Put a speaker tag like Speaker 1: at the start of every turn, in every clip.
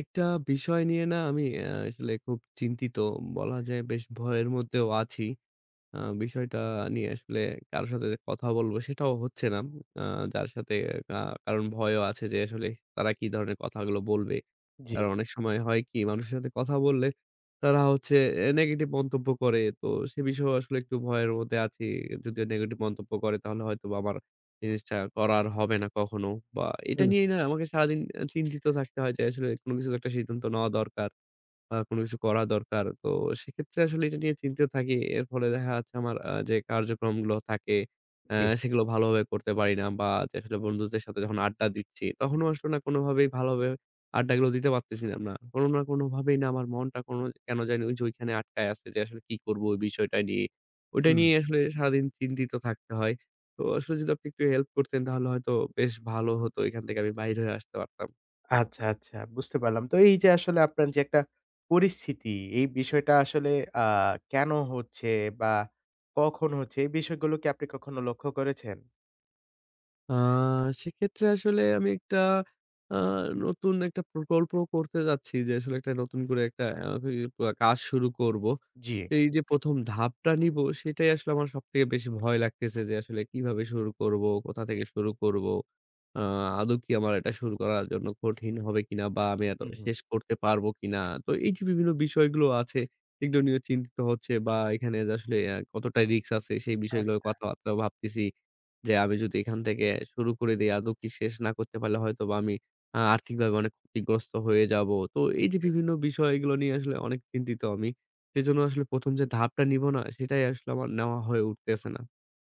Speaker 1: একটা বিষয় নিয়ে না আমি আসলে খুব চিন্তিত বলা যায় বেশ ভয়ের মধ্যেও আছি। আ বিষয়টা নিয়ে আসলে কারো সাথে কথা বলব সেটাও হচ্ছে না। আ যার সাথে আ কারণ ভয়ও আছে যে আসলে তারা কি ধরনের কথাগুলো বলবে।
Speaker 2: জি।
Speaker 1: কারণ অনেক সময় হয় কি মানুষের সাথে কথা বললে তারা হচ্ছে এ নেগেটিভ মন্তব্য করে। তো সে বিষয়েও আসলে একটু ভয়ের মধ্যে আছি। যদি নেগেটিভ মন্তব্য করে তাহলে হয়তোবা আমার জিনিসটা করা আর হবে না কখনো বা এটা
Speaker 2: হুম।
Speaker 1: নিয়েই না আমাকে সারাদিন চিন্তিত থাকতে হয় যে আসলে কোন কিছু তো একটা সিদ্ধান্ত নেওয়া দরকার বা কোন কিছু করা দরকার। তো সেক্ষেত্রে আসলে এটা নিয়ে চিন্তিত থাকি। এর ফলে দেখা যাচ্ছে আমার আ যে কার্যক্রমগুলো থাকে আ
Speaker 2: জি।
Speaker 1: সেগুলো ভালোভাবে করতে পারি না বা যে আসলে বন্ধুদের সাথে যখন আড্ডা দিচ্ছি তখনও আসলে না কোনভাবেই ভালোভাবে আড্ডাগুলো দিতে পারতেছিলাম না। কোনো না কোনোভাবেই না আমার মনটা কোনো কেন জানি ওই যে ওইখানে আটকায় আছে যে আসলে কি করব ওই বিষয়টা নিয়ে। ওইটা
Speaker 2: হুম।
Speaker 1: নিয়েই আসলে সারাদিন চিন্তিত থাকতে হয়। তো আসলে যদি আপনি একটু হেল্প করতেন তাহলে হয়তো বেশ ভালো হতো এখান থেকে আমি বাহির হয়ে আসতে পারতাম।
Speaker 2: আচ্ছা, আচ্ছা বুঝতে পারলাম। তো এই যে আসলে আপনার যে একটা পরিস্থিতি, এই বিষয়টা আসলে আ কেন হচ্ছে বা কখন হচ্ছে, এই বিষয়গুলো কি আপনি কখনো লক্ষ্য করেছেন?
Speaker 1: আ সেক্ষেত্রে আসলে আমি একটা আ নতুন একটা প্রকল্প করতে যাচ্ছি। যে আসলে একটা নতুন করে একটা আ কাজ শুরু করব।
Speaker 2: জি।
Speaker 1: এই যে ১ম ধাপটা নিব সেটাই আসলে আমার সবথেকে বেশি ভয় লাগতেছে যে আসলে কিভাবে শুরু করব, কোথা থেকে শুরু করব? আ আদৌ কি আমার এটা শুরু করার জন্য কঠিন হবে কিনা বা আমি আদৌ
Speaker 2: হু, হুম।
Speaker 1: শেষ করতে পারব কিনা। তো এই যে বিভিন্ন বিষয়গুলো আছে, সেগুলো নিয়ে চিন্তিত হচ্ছে বা এখানে আসলে আ কতটা risk আছে সেই বিষয়গুলো
Speaker 2: আচ্ছা।
Speaker 1: কথাবার্তাও ভাবতেছি। যে আমি যদি এখান থেকে শুরু করে দেই আদৌ কি শেষ না করতে পারলে হয়তোবা আমি আ আর্থিকভাবে অনেক ক্ষতিগ্রস্ত হয়ে যাব। তো এই যে
Speaker 2: জি।
Speaker 1: বিভিন্ন বিষয়গুলো নিয়ে আসলে অনেক চিন্তিত আমি। সেজন্য আসলে ১ম যে ধাপটা নিব না, সেটাই আসলে আমার নেওয়া হয়ে উঠতেছে না।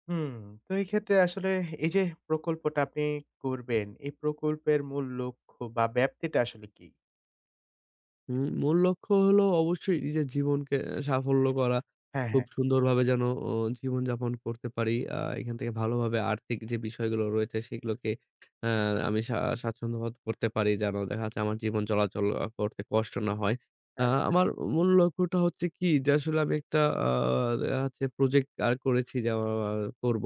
Speaker 2: হুম, তো এই ক্ষেত্রে আসলে এই যে প্রকল্পটা আপনি করবেন, এই প্রকল্পের মূল লক্ষ্য বা ব্যাপ্তিটা আসলে কি?
Speaker 1: উম মূল লক্ষ্য হলো অবশ্যই নিজের জীবনকে আ সাফল্য করা।
Speaker 2: হ্যাঁ,
Speaker 1: খুব
Speaker 2: হ্যাঁ।
Speaker 1: সুন্দরভাবে যেন আ জীবনযাপন করতে পারি। আ এখান থেকে ভালোভাবে আর্থিক যে বিষয়গুলো রয়েছে সেগুলোকে আমি আ সা স্বাচ্ছন্দ্যবোধ করতে পারি যেন দেখা যাচ্ছে আমার জীবন চলাচল করতে কষ্ট না হয়। আ
Speaker 2: আচ্ছা।
Speaker 1: আমার মূল লক্ষ্যটা হচ্ছে কি যে আসলে আমি একটা আ ইয়া হচ্ছে project আ করেছি যে, আ করব,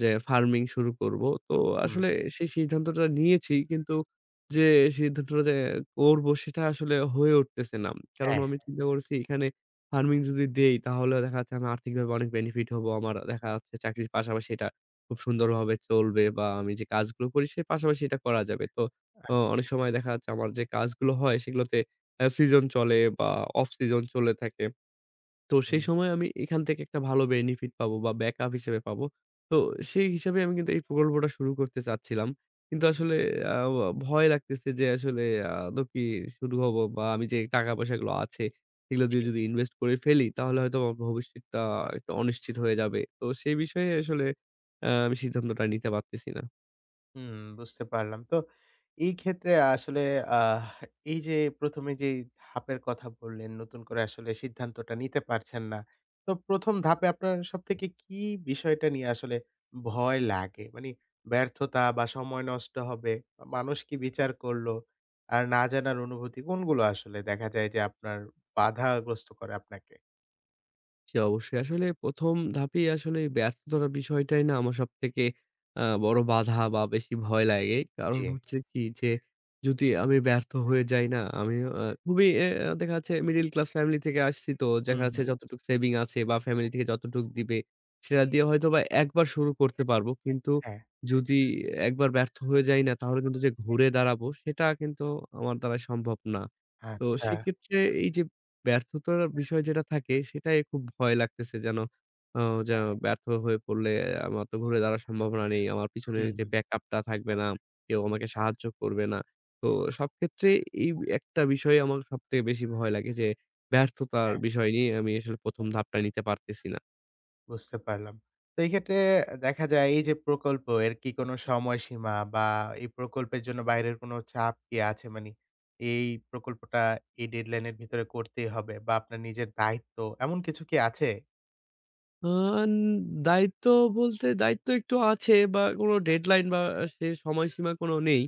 Speaker 1: যে farming শুরু করব। তো
Speaker 2: হুম।
Speaker 1: আসলে সেই সিদ্ধান্তটা নিয়েছি, কিন্তু যে সিদ্ধান্তটা যে করব সেটা আসলে হয়ে উঠতেছে না। কারণ
Speaker 2: হ্যাঁ।
Speaker 1: আমি চিন্তা করছি এখানে farming যদি দেই, তাহলে দেখা যাচ্ছে আমি আর্থিকভাবে অনেক benefit হব। আমার দেখা যাচ্ছে চাকরির পাশাপাশি এটা খুব সুন্দরভাবে চলবে, বা আমি যে কাজগুলো করি সে পাশাপাশি এটা করা যাবে। তো অ অনেক
Speaker 2: আচ্ছা।
Speaker 1: সময় দেখা যাচ্ছে আমার যে কাজগুলো হয় সেগুলোতে আ season চলে বা off season চলে থাকে। তো সেই
Speaker 2: হু।
Speaker 1: সময়ে আমি এখান থেকে একটা ভালো benefit পাব বা backup হিসেবে পাব। তো সেই হিসেবে আমি কিন্তু এই প্রকল্পটা শুরু করতে চাচ্ছিলাম। কিন্তু আসলে আ ভয় লাগতেছে যে আসলে আ আদৌ কি শুরু হব বা আমি যে টাকা পয়সাগুলো আছে সেগুলো
Speaker 2: জি।
Speaker 1: দিয়ে যদি invest করে ফেলি তাহলে হয়তো আমার ভবিষ্যৎটা একটু অনিশ্চিত হয়ে যাবে। তো সেই বিষয়ে আসলে আ আমি সিদ্ধান্তটা নিতে পারতেছি না।
Speaker 2: হুম, বুঝতে পারলাম। তো এই ক্ষেত্রে আসলে আ এই যে ১ম এ যেই ধাপের কথা বললেন, নতুন করে আসলে সিদ্ধান্তটা নিতে পারছেন না। তো ১ম ধাপে আপনার সবথেকে কি বিষয়টা নিয়ে আসলে ভয় লাগে? মানে ব্যর্থতা বা সময় নষ্ট হবে বা মানুষ কি বিচার করলো আর না জানার অনুভূতি কোনগুলো আসলে দেখা যায় যে আপনার বাধাগ্রস্ত করে আপনাকে?
Speaker 1: জি, অবশ্যই। আসলে ১ম ধাপেই আসলে ব্যর্থতার বিষয়টাই না আমার সবথেকে আ বড় বাধা বা বেশি ভয় লাগে। কারণ
Speaker 2: জি।
Speaker 1: হচ্ছে কি যে যদি আমি ব্যর্থ হয়ে যাই না আমি আ খুবই অ্যা দেখা যাচ্ছে মিডল ক্লাস ফ্যামিলি থেকে আসছি তো
Speaker 2: হু,
Speaker 1: দেখা
Speaker 2: হু।
Speaker 1: যাচ্ছে যতটুকু সেভিং আছে বা ফ্যামিলি থেকে যতটুকু দিবে সেটা দিয়ে হয়তোবা একবার শুরু করতে পারব। কিন্তু
Speaker 2: হ্যাঁ।
Speaker 1: যদি একবার ব্যর্থ হয়ে যাই না তাহলে কিন্তু যে ঘুরে দাঁড়াব সেটা কিন্তু আমার দ্বারা সম্ভব না। তো
Speaker 2: আচ্ছা।
Speaker 1: সেক্ষেত্রে এই যে ব্যর্থতার বিষয় যেটা থাকে সেটাই খুব ভয় লাগতেছে। যেন অ যেন ব্যর্থ হয়ে পড়লে আমার তো ঘুরে দাঁড়ানো সম্ভাবনা নেই। আমার পিছনে
Speaker 2: হু,
Speaker 1: যে
Speaker 2: হু।
Speaker 1: ব্যাক আপ টা থাকবে না, কেউ আমাকে সাহায্য করবে না। তো সবক্ষেত্রে এই একটা বিষয়ই আমার সবথেকে বেশি ভয় লাগে যে ব্যর্থতার
Speaker 2: হ্যাঁ।
Speaker 1: বিষয় নিয়ে আমি আসলে ১ম ধাপটাই নিতে পারতেছি না।
Speaker 2: বুঝতে পারলাম। তো এই ক্ষেত্রে দেখা যায় এই যে প্রকল্প এর কি কোনো সময়সীমা বা এই প্রকল্পের জন্য বাইরের কোনো চাপ কি আছে? মানে এই প্রকল্পটা এ dead line এর ভিতরে করতেই হবে বা আপনার নিজের দায়িত্ব এমন কিছু কি আছে?
Speaker 1: আ এন দায়িত্ব বলতে দায়িত্ব একটু আছে বা কোনো deadline বা সে সময়সীমা কোনো নেই।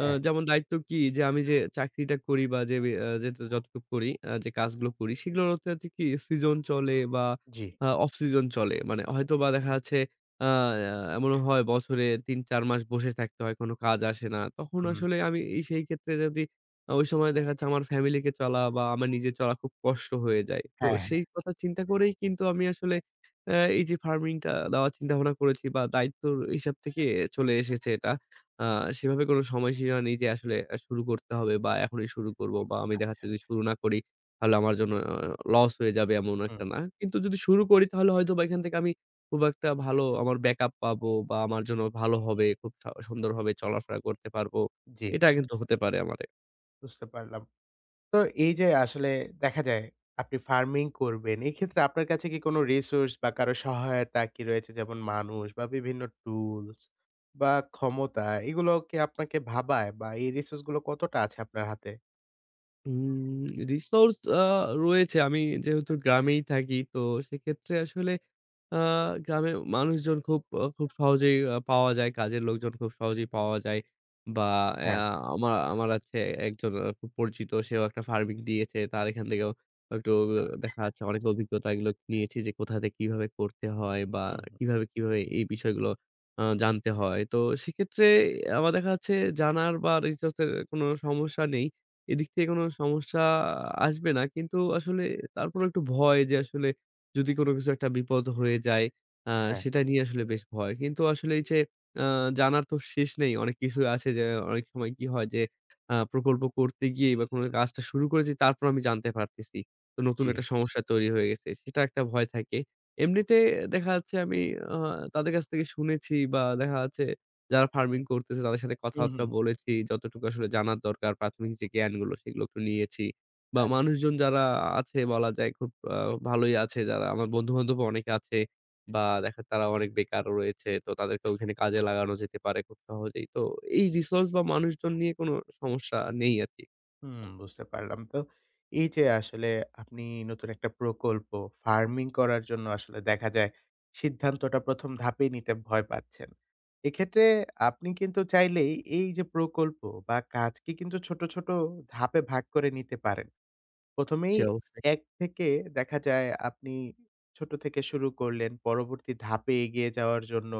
Speaker 1: এ
Speaker 2: হ্যাঁ।
Speaker 1: যেমন দায়িত্ব কি যে আমি যে চাকরিটা করি বা যেব এ যে যতটুকু করি, আ যে কাজগুলো করি সেগুলোর হচ্ছে আছে কি season চলে বা
Speaker 2: জি।
Speaker 1: আ off season চলে। মানে হয়তোবা দেখা যাচ্ছে আয় আ আ এমনও হয় বছরে ৩ ৪ মাস বসে থাকতে হয় কোনো কাজ আসে না। তখন
Speaker 2: হুম।
Speaker 1: আসলে আমি সেই ক্ষেত্রে যদি ওই সময়ে দেখা যাচ্ছে আমার family কে চলা বা আমার নিজের চলা খুব কষ্ট হয়ে যায়। তো
Speaker 2: হ্যাঁ,
Speaker 1: সেই
Speaker 2: হ্যা।
Speaker 1: কথা চিন্তা করেই কিন্তু আমি আসলে এ এই যে farming টা দেওয়ার চিন্তাভাবনা করেছি বা দায়িত্বের হিসাব থেকেই চলে এসেছে এটা। আ সেভাবে কোনো সময়সীমা নেই যে আসলে শুরু করতে হবে বা এখনই শুরু করব বা আমি দেখা
Speaker 2: আচ্ছা,
Speaker 1: যাচ্ছে যদি
Speaker 2: আচ্ছা।
Speaker 1: শুরু না করি তাহলে আমার জন্য loss হয়ে যাবে এমন
Speaker 2: হুম।
Speaker 1: একটা না। কিন্তু যদি শুরু করি তাহলে হয়তোবা এখান থেকে আমি খুব একটা ভালো আমার backup পাব বা আমার জন্য ভালো হবে, খুব স সুন্দরভাবে চলাফেরা করতে পারব।
Speaker 2: জি।
Speaker 1: এটা কিন্তু হতে পারে আমারে।
Speaker 2: বুঝতে পারলাম। তো এই যে আসলে দেখা যায় আপনি farming করবেন, এই ক্ষেত্রে আপনার কাছে কি কোনো resource বা কারো সহায়তা কি রয়েছে? যেমন মানুষ বা বিভিন্ন tools বা ক্ষমতা, এগুলো কি আপনাকে ভাবায় বা এই resource গুলো কতটা আছে আপনার হাতে?
Speaker 1: হুম, resource আ রয়েছে। আমি যেহেতু গ্রামেই থাকি তো সেক্ষেত্রে আসলে আ গ্রামে মানুষজন খুব অ খুব সহজেই পাওয়া যায়। কাজের লোকজন খুব সহজেই পাওয়া যায় বা
Speaker 2: হ্যাঁ।
Speaker 1: এয়া আমা আমার আছে একজন খুব পরিচিত। সেও একটা farming দিয়েছে। তার এখান থেকেও একটু দেখা যাচ্ছে অনেক অভিজ্ঞতাগুলো নিয়েছি যে কোথা থেকে কিভাবে করতে হয় বা
Speaker 2: হু, হুম।
Speaker 1: কিভাবে, কিভাবে এই বিষয়গুলো আ জানতে হয়। তো সেক্ষেত্রে আমার দেখা যাচ্ছে জানার বা resource এর কোনো সমস্যা নেই। এদিক থেকে কোনো সমস্যা আসবে না। কিন্তু আসলে তারপরও একটু ভয় যে আসলে যদি কোনো কিছু একটা বিপদ হয়ে যায়, এ
Speaker 2: হ্যাঁ।
Speaker 1: সেটা নিয়ে আসলে বেশ ভয়। কিন্তু আসলে এই যে এ জানার তো শেষ নেই। অনেক কিছু আছে যে অনেক সময় কি হয় যে আ প্রকল্প করতে গিয়েই বা কোনো কাজটা শুরু করেছি তারপর আমি জানতে পারতেছি তো নতুন একটা
Speaker 2: জ্বি।
Speaker 1: সমস্যা তৈরি হয়ে গেছে। সেটা একটা ভয় থাকে। এমনিতে দেখা যাচ্ছে আমি আহ তাদের কাছ থেকে শুনেছি বা দেখা যাচ্ছে যারা farming করতেছে তাদের সাথে
Speaker 2: হু,
Speaker 1: কথাবার্তা
Speaker 2: হু।
Speaker 1: বলেছি যতটুকু আসলে জানার দরকার প্রাথমিক যে জ্ঞানগুলো সেগুলো একটু নিয়েছি বা
Speaker 2: আচ্ছা।
Speaker 1: মানুষজন যারা আছে বলা যায় খুব আ ভালোই আছে। যারা আমার বন্ধু-বান্ধবও অনেকে আছে বা দেখা তারা অনেক বেকারও রয়েছে। তো তাদেরকে ওখানে কাজে লাগানো যেতে পারে খুব সহজেই। তো এই resource বা মানুষজন নিয়ে কোনো সমস্যা নেই আরকি।
Speaker 2: হুম, বুঝতে পারলাম তো। এই যে আসলে আপনি নতুন একটা প্রকল্প ফারমিং করার জন্য আসলে দেখা যায় সিদ্ধান্তটা ১ম ধাপেই নিতে ভয় পাচ্ছেন। এক্ষেত্রে আপনি কিন্তু চাইলেই এই যে প্রকল্প বা কাজকে কিন্তু ছোট, ছোট ধাপে ভাগ করে নিতে পারেন। ১ম এই
Speaker 1: জি, অবশ্যই।
Speaker 2: এক থেকে দেখা যায় আপনি ছোট থেকে শুরু করলেন, পরবর্তী ধাপে এগিয়ে যাওয়ার জন্য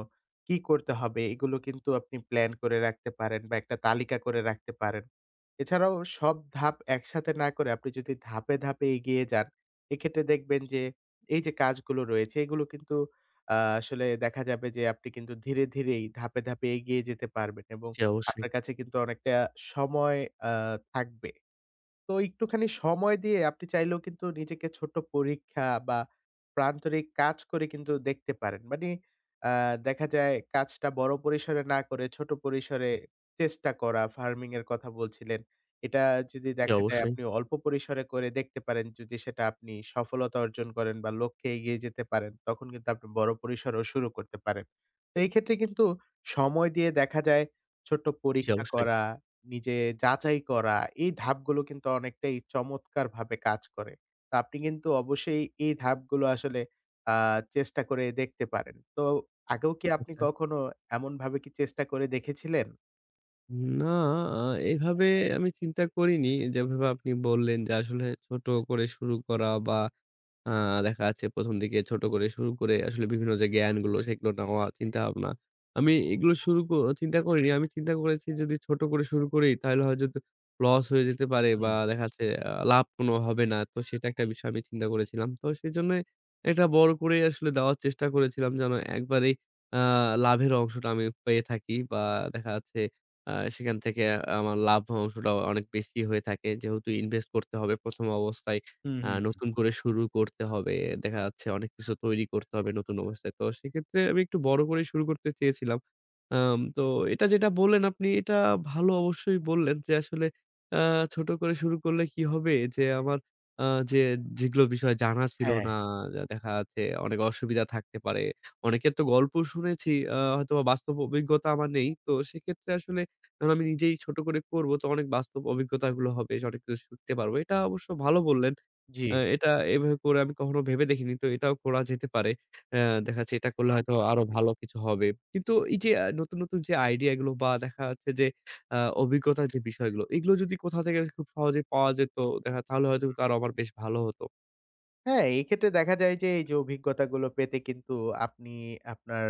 Speaker 2: কী করতে হবে এগুলো কিন্তু আপনি প্লান করে রাখতে পারেন বা একটা তালিকা করে রাখতে পারেন। এছাড়াও সব ধাপ একসাথে না করে আপনি যদি ধাপে, ধাপে এগিয়ে যান এক্ষেত্রে দেখবেন যে, এই যে কাজগুলো রয়েছে এগুলো কিন্তু আ আসলে দেখা যাবে যে আপনি কিন্তু ধীরে, ধীরে এই ধাপে, ধাপে এগিয়ে যেতে পারবেন এবং
Speaker 1: জি, অবশ্যই।
Speaker 2: আপনার কাছে কিন্তু অনেকটা সময় আ থাকবে। তো একটুখানি সময় দিয়ে আপনি চাইলেও কিন্তু নিজেকে ছোট পরীক্ষা বা প্রান্তরিক কাজ করে কিন্তু দেখতে পারেন। মানে, আ দেখা যায় কাজটা বড় পরিসরে না করে ছোট পরিসরে চেষ্টা করা, ফারমিং এর কথা বলছিলেন। এটা যদি
Speaker 1: জি,
Speaker 2: দেখা যায়
Speaker 1: অবশ্যই।
Speaker 2: আপনি অল্প পরিসরে করে দেখতে পারেন, যদি সেটা আপনি সফলতা অর্জন করেন বা লক্ষ্যে এগিয়ে যেতে পারেন তখন কিন্তু আপনি বড় পরিসরেও শুরু করতে পারেন। তো এক্ষেত্রে কিন্তু সময় দিয়ে দেখা যায় ছোট্ট
Speaker 1: জি,
Speaker 2: পরীক্ষা
Speaker 1: অবশ্যই।
Speaker 2: করা, নিজে যাচাই করা এই ধাপগুলো কিন্তু অনেকটাই চমৎকারভাবে কাজ করে। তা আপনি কিন্তু অবশ্যই এই ধাপগুলো আসলে আ চেষ্টা করে দেখতে পারেন। তো আগেও কি আপনি
Speaker 1: আচ্ছা।
Speaker 2: কখনো এমনভাবে কি চেষ্টা করে দেখেছিলেন?
Speaker 1: না আ এভাবে আমি চিন্তা করিনি যেভাবে আপনি বললেন যে আসলে ছোট করে শুরু করা বা আ দেখা যাচ্ছে ১ম দিকে ছোট করে শুরু করে আসলে বিভিন্ন যে জ্ঞানগুলো সেগুলো নেওয়া, চিন্তাভাবনা। আমি এগুলো শুরু ক চিন্তা করিনি। আমি চিন্তা করেছি যদি ছোট করে শুরু করি তাহলে হয়তো loss হয়ে যেতে পারে বা
Speaker 2: হুম।
Speaker 1: দেখা যাচ্ছে এ্যা লাভ কোনো হবে না। তো সেটা একটা বিষয় আমি চিন্তা করেছিলাম। তো সেজন্যই এটা বড় করেই আসলে দেওয়ার চেষ্টা করেছিলাম যেন একবারেই এ্যাঁ লাভের অংশটা আমি পেয়ে থাকি বা দেখা যাচ্ছে আ সেখান থেকে আমার লাভ অংশটা অনেক বেশি হয়ে থাকে। যেহেতু invest করতে হবে ১ম অবস্থায়,
Speaker 2: হু,
Speaker 1: এ্যা
Speaker 2: হু, হু।
Speaker 1: নতুন করে শুরু করতে হবে, দেখা যাচ্ছে অনেক কিছু তৈরি করতে হবে নতুন অবস্থায়। তো সেক্ষেত্রে আমি একটু বড় করেই শুরু করতে চেয়েছিলাম। অ্যাম তো এটা যেটা বললেন আপনি এটা ভালো অবশ্যই বললেন যে আসলে এ্যা ছোট করে শুরু করলে কী হবে যে আমার আ যে যেগুলো বিষয় জানা ছিল
Speaker 2: হ্যাঁ।
Speaker 1: না, যা দেখা যাচ্ছে অনেক অসুবিধা থাকতে পারে। অনেকের তো গল্প শুনেছি এ্যা হয়তোবা বাস্তব অভিজ্ঞতা আমার নেই। তো সেক্ষেত্রে আসলে যখন আমি নিজেই ছোট করে করব তো অনেক বাস্তব অভিজ্ঞতাগুলো হবে, সঠিকটা শিখতে পারব। এটা অবশ্য ভালো বললেন।
Speaker 2: জ্বি।
Speaker 1: এ্যা এটা এভাবে করে আমি কখনো ভেবে দেখিনি। তো এটাও করা যেতে পারে। এ্যা দেখা যাচ্ছে এটা করলে হয়তো আরও ভালো কিছু হবে। কিন্তু এই যে নতুন, নতুন যে idea গুলো বা দেখা যাচ্ছে যে এ্যা অভিজ্ঞতার যে বিষয়গুলো এগুলো যদি কোথা থেকে খুব সহজেই পাওয়া যেত দেখা যাচ্ছে তাহলে হয়তো
Speaker 2: হুম।
Speaker 1: তার আবার বেশ ভালো হতো।
Speaker 2: হ্যাঁ, এক্ষেত্রে দেখা যায় যে, এই যে অভিজ্ঞতাগুলো পেতে কিন্তু আপনি আপনার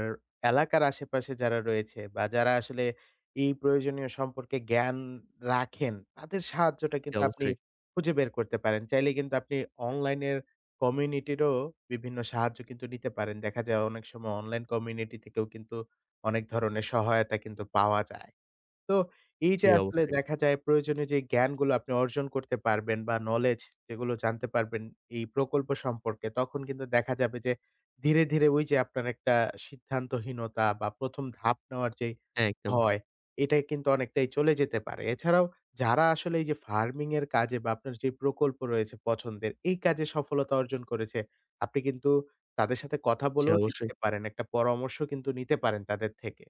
Speaker 2: এলাকার আশেপাশে যারা রয়েছে, বা যারা আসলে এই প্রয়োজনীয় সম্পর্কে জ্ঞান রাখেন। তাদের সাহায্যটা
Speaker 1: জি,
Speaker 2: কিন্তু আপনি
Speaker 1: অবশ্যই।
Speaker 2: খুঁজে বের করতে পারেন। চাইলে কিন্তু আপনি online এর community-র ও বিভিন্ন সাহায্য কিন্তু নিতে পারেন। দেখা যায় অনেক সময় online community থেকেও কিন্তু অনেক ধরনের সহায়তা কিন্তু পাওয়া যায়। তো এই
Speaker 1: জি,
Speaker 2: যে আসলে
Speaker 1: অবশ্যই।
Speaker 2: দেখা যায় প্রয়োজনীয় যে জ্ঞানগুলো আপনি অর্জন করতে পারবেন, বা knowledge যেগুলো জানতে পারবেন এই প্রকল্প সম্পর্কে তখন কিন্তু দেখা যাবে যে ধীরে, ধীরে ওই যে আপনার একটা সিদ্ধান্তহীনতা বা ১ম ধাপ নেওয়ার যে
Speaker 1: হ্যাঁ, একদম।
Speaker 2: ভয়, এটা কিন্তু অনেকটাই চলে যেতে পারে। এছাড়াও যারা আসলে এই যে farming এর কাজে বা আপনার যে প্রকল্প রয়েছে পছন্দের, এই কাজে সফলতা অর্জন করেছে, আপনি কিন্তু তাদের সাথে কথা
Speaker 1: জি,
Speaker 2: বলেও
Speaker 1: অবশ্যই।
Speaker 2: দেখতে পারেন, একটা পরামর্শ কিন্তু নিতে পারেন তাদের থেকে।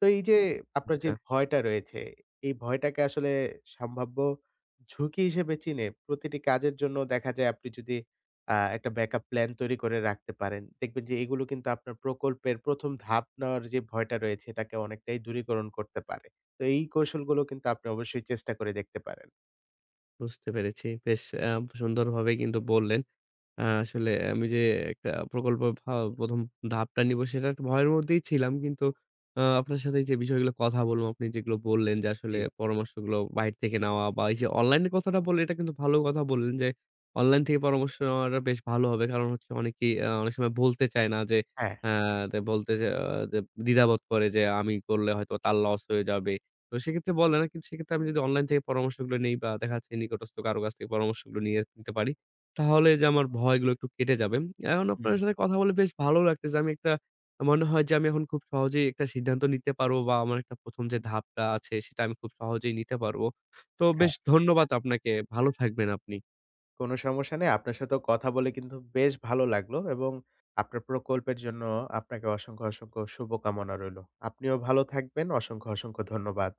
Speaker 2: তো এই যে আপনার যে
Speaker 1: আচ্ছা।
Speaker 2: ভয়টা রয়েছে, এই ভয়টাকে আসলে সম্ভাব্য ঝুঁকি হিসেবে চিনে, প্রতিটি কাজের জন্য দেখা যায় আপনি যদি আ একটা backup plan তৈরি করে রাখতে পারেন দেখবেন যে এগুলো কিন্তু আপনার প্রকল্পের ১ম ধাপ নেওয়ার যে ভয়টা রয়েছে এটাকে অনেকটাই দূরীকরণ করতে পারে। তো এই কৌশলগুলো কিন্তু আপনি অবশ্যই চেষ্টা করে দেখতে পারেন।
Speaker 1: বুঝতে পেরেছি। বেশ আ সুন্দরভাবে কিন্তু বললেন। আ আসলে আমি যে একটা প্রকল্প পা ১ম ধাপটা নিব সেটা একটা ভয়ের মধ্যেই ছিলাম। কিন্তু আ আপনার সাথে এই যে বিষয়গুলো কথা বললাম, আপনি যেগুলো বললেন যে আসলে
Speaker 2: জ্বি।
Speaker 1: পরামর্শগুলো বাইরে থেকে নেওয়া, বা এই যে online এর কথাটা বললেন, এটা কিন্তু ভালো কথা বললেন যে, online থেকে পরামর্শ নেওয়াটা বেশ ভালো হবে। কারণ হচ্ছে অনেকেই আ অনেক সময় বলতে চায় না যে
Speaker 2: হ্যাঁ।
Speaker 1: আ দে বলতে যে আ দ দ্বিধাবোধ করে যে আমি করলে হয়তো তার loss হয়ে যাবে। তো সেক্ষেত্রে বলে না। কিন্তু সেক্ষেত্রে আমি যদি online থেকে পরামর্শগুলো নেই বা দেখা যাচ্ছে নিকটস্থ কারো কাছ থেকে পরামর্শগুলো নিয়ে নিতে পারি, তাহলে এই যে আমার ভয়গুলো একটু কেটে যাবে। এখন আপনার
Speaker 2: হুম।
Speaker 1: সাথে কথা বলে বেশ ভালো লাগতেছে। আমি একটা আ মনে হয় যে আমি এখন খুব সহজেই একটা সিদ্ধান্ত নিতে পারব, বা আমার একটা ১ম যে ধাপটা আছে সেটা আমি খুব সহজেই নিতে পারব। তো
Speaker 2: হ্যাঁ।
Speaker 1: বেশ ধন্যবাদ আপনাকে। ভালো থাকবেন আপনি।
Speaker 2: কোন সমস্যা নেই, আপনার সাথে কথা বলে কিন্তু বেশ ভালো লাগলো এবং আপনার প্রকল্পের জন্য আপনাকে অসংখ্য, অসংখ্য শুভকামনা রইল। আপনিও ভালো থাকবেন। অসংখ্য, অসংখ্য ধন্যবাদ।